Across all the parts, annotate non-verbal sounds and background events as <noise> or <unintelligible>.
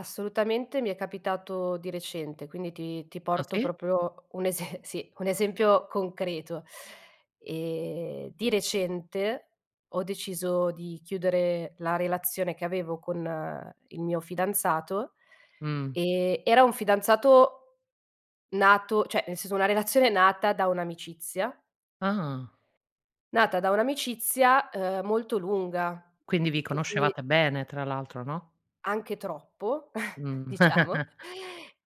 Assolutamente. Mi è capitato di recente, quindi ti ti Ah, porto sì? proprio un ese sì, un esempio concreto. Ehm, di recente, ho deciso di chiudere la relazione che avevo con il mio fidanzato, Mh. ehm, era un fidanzato nato cioè nel senso, una relazione nata da un'amicizia Ah! nata da un'amicizia, uhm, molto lunga, Quindi vi che si conoscevate bene tra l'altro, no? Anche troppo, <chuckles> Mh. diciamo, <chuckles>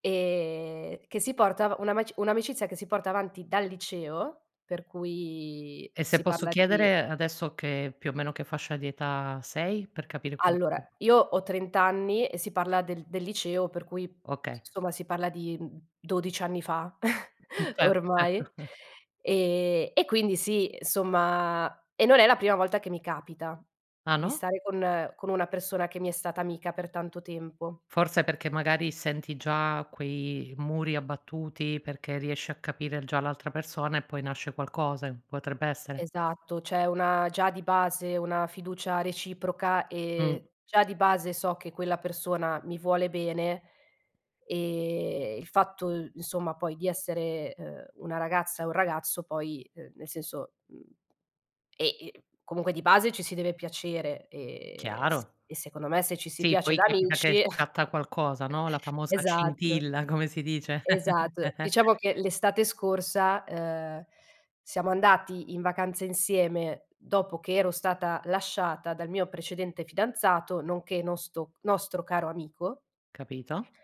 ehm, che si porta u una maci un'amicizia che si porta avanti dal liceo, per cui E se si posso parla di chiedere, adesso che più o meno, che fascia di età sei? Per capire Allora, <unintelligible> io ho 30 anni e si parla del del liceo, per cui, Okay. somma, si parla di, mhmm, 12 anni fa, <chuckles> Mh. Cer certo. ormai. <chuckles> Ehm, e quindi sì, insomma, e non è la prima volta che mi capita, Ah, di no? stare con con una persona che mi è stata amica per tanto tempo. Forse perché, magari, senti già quei muri abbattuti, perché riesci a capire già l'altra persona e poi nasce qualcosa, potrebbe essere? Esatto, c'è una già di base, una fiducia reciproca. Ehm, Mh. già di base so che quella persona mi vuole bene. Ehm, il fatto insomma poi di essere, uhm, una ragazza e un ragazzo poi, uhm, nel senso, mhmm, e i comunque di base, ci si deve piacere, ehm, s Chiaro. e secondo me, se ci si Sì, piace poi da capita che amici <chuckles> scatta qualcosa, no. La famosa Esatto. scintilla, come si dice. Esat <chuckles> diciamo che, l'estate scorsa, uhm, siamo andati in vacanza insieme, dopo che ero stata lasciata dal mio precedente fidanzato, nonché nosto nostro caro amico Capito.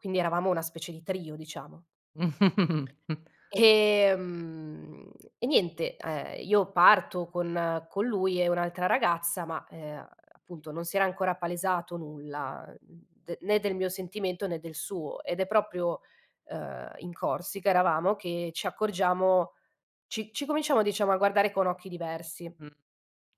Quindi eravamo una specie di trio, diciamo. <chuckles> Ehm, e niente, uhm, io parto con con lui e un'altra ragazza, ma, uhm, appunto, non si era ancora palesato nulla, uhm, de né del mio sentimento, né del suo, ed è proprio uhm, in Corsica eravamo, che ci accorgiamo, ci ci cominciamo, diciamo, a guardare con occhi diversi. Mh.